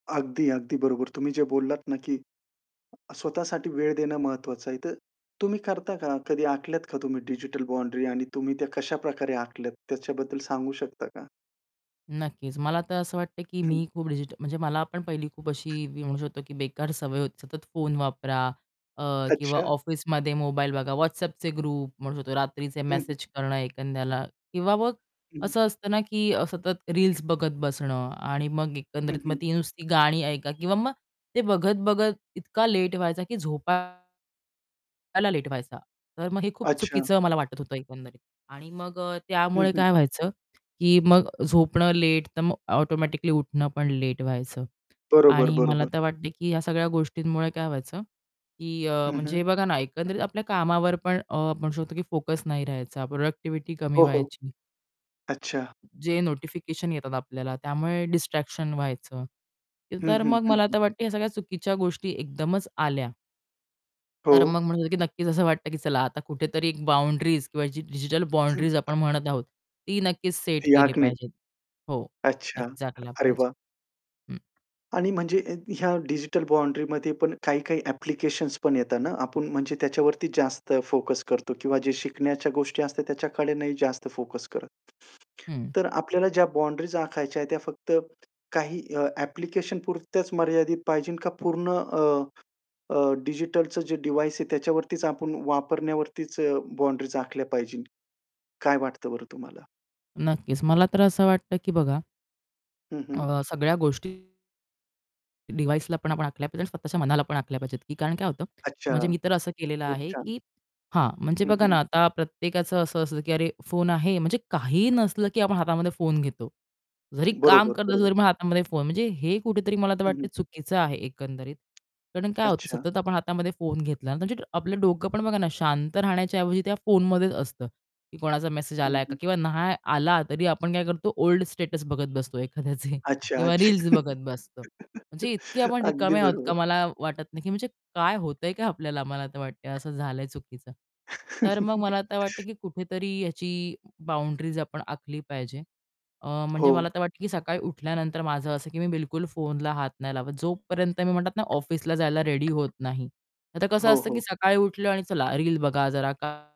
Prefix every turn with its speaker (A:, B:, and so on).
A: अगदी, अगदी बरोबर तुम्ही जे बोललात ना, की अ, स्वतःसाठी वेळ देणं महत्त्वाचं आहे, तर तुम्ही करता का? कधी आखल्यात का तुम्ही डिजिटल बाउंडरी आणि तुम्ही त्या कशाप्रकारे आखल्यात त्याच्याबद्दल सांगू शकता का?
B: नक्कीच, मला तर असं वाटतं की
A: हं.
B: मी खूप डिजिटल म्हणजे मला पण पहिली खूप अशी मी म्हणू शकतो की बेकार सवय होती. सतत फोन वापरा अ, किंवा
A: अच्छा.
B: ऑफिसमध्ये मोबाईल बघा WhatsAppचे ग्रुप म्हणू शकतो. रात्रीचे
A: हं, हं.
B: मेसेज करणं एखाद्याला किंवा मग
A: हं, हं.
B: असं असतं ना, की अ, सतत रील्स बघत बसणं आणि मग
A: हं,
B: एकंदरीत मग
A: हं.
B: ती नुसती गाणी ऐका किंवा मग ते बघत-बघत इतका लेट व्हायचा की झोपायला लेट व्हायचा. तर मग हे खूप
A: अच्छा.
B: चुकीचं मला वाटत होतं एकंदरीत. आणि मग अ,
A: हं,
B: त्यामुळे
A: हं.
B: काय व्हायचं की मग झोपणं लेट, तर मग ऑटोमॅटिकली उठणं पण लेट व्हायचं.
A: बरोबर,
B: आणि मला
A: बरोबर.
B: तर वाटते, की ह्या सगळ्या गोष्टींमुळे काय व्हायचं, की अ,
A: हं,
B: म्हणजे
A: हं.
B: हे बघा ना, एकंदरीत आपल्या कामावर पण अ, म्हणू शकतो, की फोकस नाही रहायचा, प्रॉडक्टिव्हिटी कमी
A: हो, हो.
B: व्हायची.
A: अच्छा.
B: जे नोटिफिकेशन येतात आपल्याला, त्यामुळे डिस्ट्रॅक्शन व्हायचं.
A: हं,
B: तर
A: हं,
B: मग
A: हं,
B: मला
A: हं.
B: तर वाटतं, ह्या सगळ्या चुकीच्या गोष्टी एकदमच आल्या. तर
A: हो.
B: मग म्हणू शकतो की नक्कीच असं वाटतं की चला आता कुठेतरी एक बाउंडरीज किंवा डिजिटल बाउंडरीज आपण
A: [unintelligible]
B: म्हणत आहोत, ती नक्कीच सेट केली
A: याक नाही.
B: पाहिजे. हो,
A: अच्छा.
B: नक्कीच झाकला
A: अरे,
B: पाहिजे.
A: वाह!
B: हं.
A: आणि म्हणजे अ, ह्या डिजिटल बाउंडरीमध्ये पण काही-काही ॲप्लिकेशन्स पण येतात ना, आपण म्हणजे त्याच्यावरती जास्त फोकस करतो किंवा जे शिकण्याच्या गोष्टी असतात त्याच्याकडे नाही जास्त फोकस करत.
B: हं.
A: तर आपल्याला ज्या बाउंडरीज आखायच्या आहेत, त्या फक्त काही अ, ॲप्लिकेशनपुरत्याच मर्यादित पाहिजे का पूर्ण अ, अ, डिजिटलचं जे डिव्हाइस आहे त्याच्यावरतीच आपण वापरण्यावरतीच बाउंडरीज आखल्या पाहिजे? काय वाटतं बरं तुम्हाला?
B: नक्कीच, मला तर असं वाटतं की बघा
A: हं, हं.
B: अ, सगळ्या गोष्टी डिव्हाइसला पण आपण आखल्या पाहिजेत आणि स्वतःच्या मनाला पण आखल्या पाहिजेत, की कारण काय होतं?
A: अच्छा.
B: म्हणजे मी तर असं केलेलं
A: खूप
B: आहे
A: छान.
B: की हां, म्हणजे
A: हं,
B: बघा
A: हं.
B: ना, आता प्रत्येकाचं असं असतं, की "अरे, फोन आहे." म्हणजे काहीही नसलं, की आपण हातामध्ये फोन घेतो. जरी काम
A: बरोबर,
B: करत असेल,
A: बरोबर.
B: तरी हातामध्ये फोन. म्हणजे हे कुठेतरी मला तर
A: हं,
B: वाटत
A: हं.
B: चुकीचं आहे एकंदरीत. कारण काय होतं,
A: अच्छा.
B: सतत आपण हातामध्ये फोन घेतला म्हणजे आपलं डोकं पण बघा ना, शांत राहण्याच्या ऐवजी त्या फोनमध्येच असतं, की कोणाचा मेसेज
A: हं,
B: आलाय का?
A: हं
B: किंवा नाही आला, तरी आपण काय करतो ओल्ड स्टेटस बघत बसतो एखाद्याचे
A: अच्छा,
B: किंवा रील्स
A: अच्छा.
B: बघत बसतो. म्हणजे इतके आपण
A: अगदी
B: रिकामे आहोत का?
A: बरोबर.
B: मला वाटत नाही, की म्हणजे काय होतंय काय आपल्याला? मला आता वाटतंय असं झालंय चुकीचं. तर मग मला आता वाटत, की कुठेतरी याची बाउंडरीज आपण आखली पाहिजे. अ, म्हणजे मला
A: हो.
B: तर वाटतं, की सकाळी उठल्यानंतर माझं असं, की मी बिलकुल फोनला हात नाही लावत जोपर्यंत मी म्हणतात ना ऑफिसला जायला रेडी होत नाही. आता कसं
A: हो,
B: असतं, की
A: हो.
B: सकाळी उठलो आणि चला रील बघा जरा का